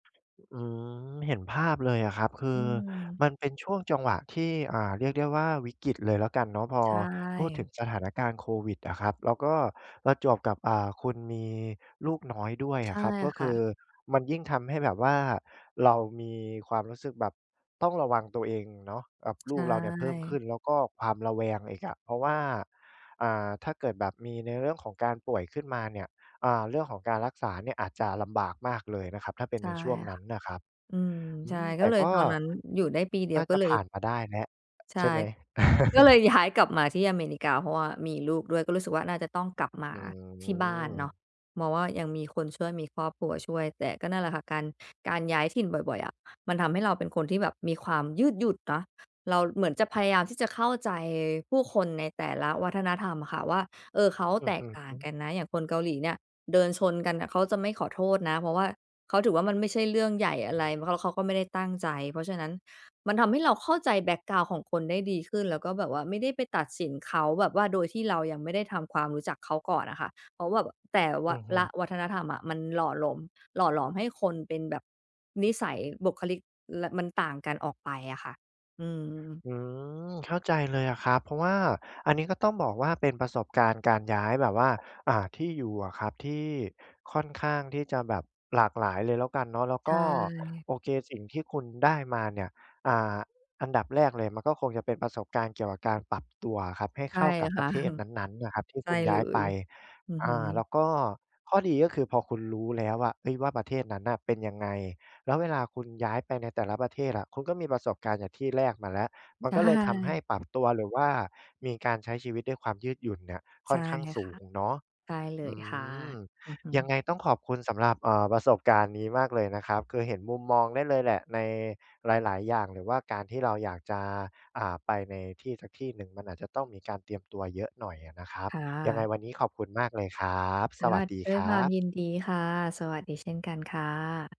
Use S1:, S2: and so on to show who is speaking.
S1: อืม เห็นภาพเลยอะครับ คื
S2: อื
S1: อ
S2: ม
S1: มันเป็นช่วงจังหวะที่ อ่า เรียกได้ว่าวิกฤตเลยแล้วกันเนาะ พอ
S2: ใช
S1: พูดถึ
S2: ่
S1: งสถานการณ์โควิดอะครับ แล้วก็ประจวบกับ อ่า คุณมีลูกน้อยด้วย
S2: ใช
S1: อะ
S2: ่
S1: ครับ ก็
S2: ค
S1: ค
S2: ่
S1: ือ
S2: ะ
S1: มันยิ่งทำให้แบบว่าเรามีความรู้สึกแบบต้องระวังตัวเองเนาะ กับ
S2: ใช
S1: ลูกเราเนี่ยเพิ่มขึ
S2: ่
S1: ้น แล้วก็ความระแวงอีกอะ เพราะว่า อ่า ถ้าเกิดแบบมีในเรื่องของการป่วยขึ้นมาเนี่ย อ่า เรื่องของการรักษาเนี่ยอาจจะลำบากมากเลยนะครับ ถ้าเป็น
S2: ใช
S1: ใ
S2: ่
S1: นช่วงน
S2: ค่
S1: ั้
S2: ะ
S1: นนะครับ
S2: อืม
S1: อื
S2: ใช่
S1: ม แ
S2: ก
S1: ต
S2: ็
S1: ่
S2: เลย
S1: ก็
S2: ตอนนั้นอยู่ได้ปีเดี
S1: น
S2: ย
S1: ่
S2: ว
S1: า
S2: ก
S1: จ
S2: ็
S1: ะ
S2: เล
S1: ผ
S2: ย
S1: ่านมาได้นะ
S2: ใช
S1: ใช่
S2: ่
S1: ไหม?
S2: ก็เลยย้ายกลับมาที่อเมริกา เพราะว่ามีลูกด้วย ก็รู้สึกว่าน่าจะต้องกลับม
S1: อื
S2: าที่บ้านเนา
S1: ม
S2: ะ มองว่ายังมีคนช่วย มีครอบครัวช่วย แต่ก็นั่นแหละค่ะ การ การย้ายถิ่นบ่อย ๆ อะมันทำให้เราเป็นคนที่แบบมีความยืดหยุ่นเนาะ เราเหมือนจะพยายามที่จะเข้าใจผู้คนในแต่ละวัฒนธรรมอะค่ะ ว่า เออ เขา
S1: อะ
S2: แต
S1: ฮ
S2: ก
S1: ะ
S2: ต่า
S1: ฮ
S2: ง
S1: ึ
S2: กันนะ อย่างคนเกาหลีเนี่ยเดินชนกันน่ะเขาจะไม่ขอโทษนะ เพราะว่าเขาถือว่ามันไม่ใช่เรื่องใหญ่อะไร เพราะ ล เขาก็ไม่ได้ตั้งใจ เพราะฉะนั้นมันทำให้เราเข้าใจแบ็กกราวนด์ของคนได้ดีขึ้น แล้วก็แบบว่าไม่ได้ไปตัดสินเขา แบบว่าโดยที่เรายังไม่ได้ทำความรู้จักเขาก่อนอะค่ะ เพราะว่าแบบ แต่ ว
S1: อ
S2: ะ
S1: ือฮึ
S2: ละวัฒนธรรมอะ มันหล่อหลม หล่อหลอมให้คนเป็นแบบ นิสัย บุคลิก ล มันต่างกันออกไปอะค่ะ อือ
S1: อืม เข้าใจเลยอะครับ เพราะว่าอันนี้ก็ต้องบอกว่าเป็นประสบการณ์การย้ายแบบว่า อ่า ที่อยู่อะครับ ที่ค่อนข้างที่จะแบบหลากหลายเลยแล้วกันเนาะ แล้ว
S2: ใช
S1: ก็
S2: ่
S1: โอเค สิ่งที่คุณได้มาเนี่ย อ่า อันดับแรกเลยมันก็คงจะเป็นประสบการณ์เกี่ยวกับการปรับตัวอะครับ ให้
S2: ใช
S1: เ
S2: ่
S1: ข้ากับ
S2: ค
S1: ปร
S2: ่ะ
S1: ะเทศนั้น ๆ นะครับที่
S2: ใช
S1: ค
S2: ่
S1: ุณ
S2: เ
S1: ย
S2: ล
S1: ้ายไป
S2: ย อือ
S1: อ
S2: ฮ
S1: ่
S2: ึ
S1: า แล้วก็ข้อดีก็คือพอคุณรู้แล้วอะ เฮ้ย ว่าประเทศนั้นน่ะเป็นยังไง แล้วเวลา คุณย้ายไปในแต่ละประเทศอะ คุณก็มีประสบการณ์จากที่แรกมาแล้ว มั
S2: ใ
S1: น
S2: ช
S1: ก็เลยทำให
S2: ่
S1: ้ปรับตัว หรือว่ามีการใช้ชีวิตด้วยความยืดหยุ่นเนี่ย
S2: ใ
S1: ค
S2: ช
S1: ่อ
S2: ่
S1: นข้างส
S2: ค
S1: ู
S2: ่ะ
S1: งเนาะ
S2: ใช่เล
S1: อ
S2: ย
S1: ื
S2: ค่ะ
S1: ม
S2: อือฮ
S1: ยัง
S2: ึ
S1: ไงต้องขอบคุณสำหรับ เอ่อ ประสบการณ์นี้มากเลยนะครับ คือเห็นมุมมองได้เลยแหละในหลาย ๆ อย่าง หรือว่าการที่เราอยากจะ อ่า ไปในที่สักที่หนึ่ง มันอาจจะต้องมีการเตรียมตัวเยอะหน่อยอะนะครับ
S2: ค่
S1: ยังไง
S2: ะ
S1: วันนี้ขอบคุณมากเลยครับ
S2: ค
S1: ส
S2: ่
S1: วั
S2: ะ
S1: สดี
S2: ด้
S1: ค
S2: วย
S1: ร
S2: คว
S1: ั
S2: าม
S1: บ
S2: ยินดีค่ะ สวัสดีเช่นกันค่ะ